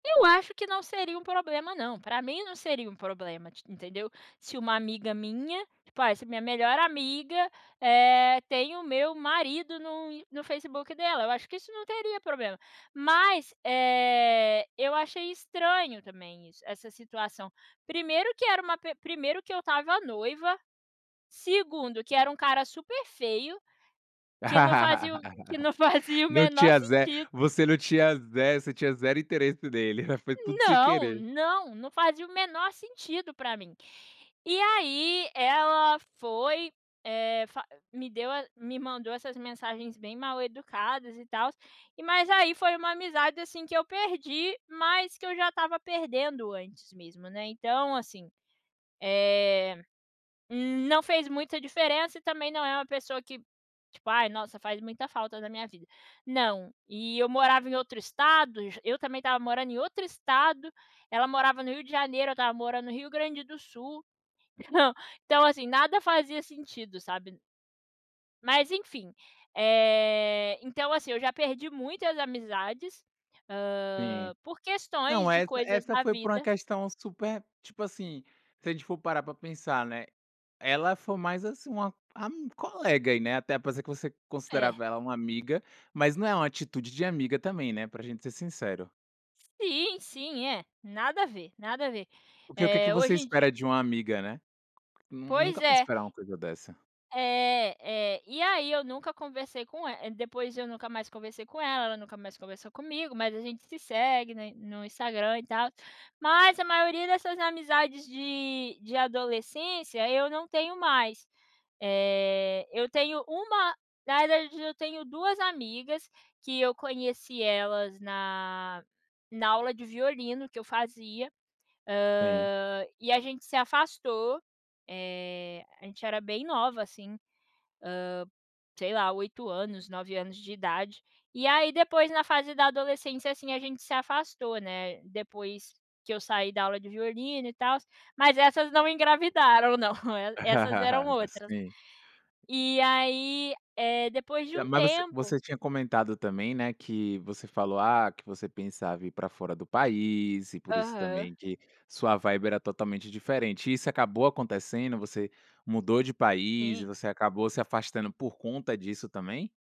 Eu acho que não seria um problema não, para mim não seria um problema, ti entendeu? Se uma amiga minha, tipo: Ah, essa é a minha melhor amiga, eh, tem o meu marido no Ins no Facebook dela. Eu acho que isso não teria problema. Mas, eh, eu achei estranho também isso essa situação. Primeiro que era uma pe primeiro que eu estava noiva, segundo que era um cara super feio, que não fazia o que não fazia o Não menor tinha ze sentido. Você não tinha ze Você tinha zero interesse nele, hã. Foi tudo sem Não, querer. não, não fazia o menor sentido para mim. E aí ela foi, eh, fa me deu a me mandou essas mensagens bem mal educadas e tals. Mas aí foi uma amizade, assim, que eu perdi, mas que eu já estava perdendo antes mesmo, né? Então assim, eh, hum, não fez muita diferença e também não é uma pessoa que, tipo: Ai, nossa, faz muita falta na minha vida. Não. E eu morava em outro estado j Eu também estava morando em outro estado, ela morava no Rio de Janeiro, eu estava morando no Rio Grande do Sul. Então então assim, nada fazia sentido, sabe? Mas, enfim, eh, então, assim, eu já perdi muitas amizades, hã, Sim. por questões Não, de essa coisas essa na foi por uma vida. questão super, tipo assim, se a gente for parar para pensar, né? Ela foi mais assim uma ami colega aí, né, até parecia que você É. considerava ela uma amiga, mas não é uma atitude de amiga também, né? Para gente ser sincero. Sim, sim, é. Nada a ver, nada a ver, O que o que que eh, você hoje em dia espera de uma amiga, né? Nun Pois nunca vai é. esperar uma coisa dessa. É, é. E aí eu nunca conversei com el depois eu nunca mais conversei com ela, ela nunca mais conversou comigo, mas a gente se segue, né, no Instagram e tal. Mas a maioria dessas amizades de de adolescência eu não tenho mais. Eh, eu tenho 1 na realidade eu tenho 2 amigas que eu conheci elas na na aula de violino que eu fazia, Sim. hã, e a gente se afastou, eh, a gente era bem nova assim, hã, sei lá, 8 anos, 9 anos de idade. E aí depois na fase da adolescência, assim, a gente se afastou, né, depois que eu saí da aula de violino e tals. Mas essas não engravidaram não, e essas eram outras. Sim. E aí, eh, depois de Eh, um mas você tempo você tinha comentado também, né, que você falou, ah, que você pensava em ir para fora do país e por isso Aham. também que sua vibe era totalmente diferente. Isso acabou acontecendo? Você mudou de país e Sim. você acabou se afastando por conta disso também?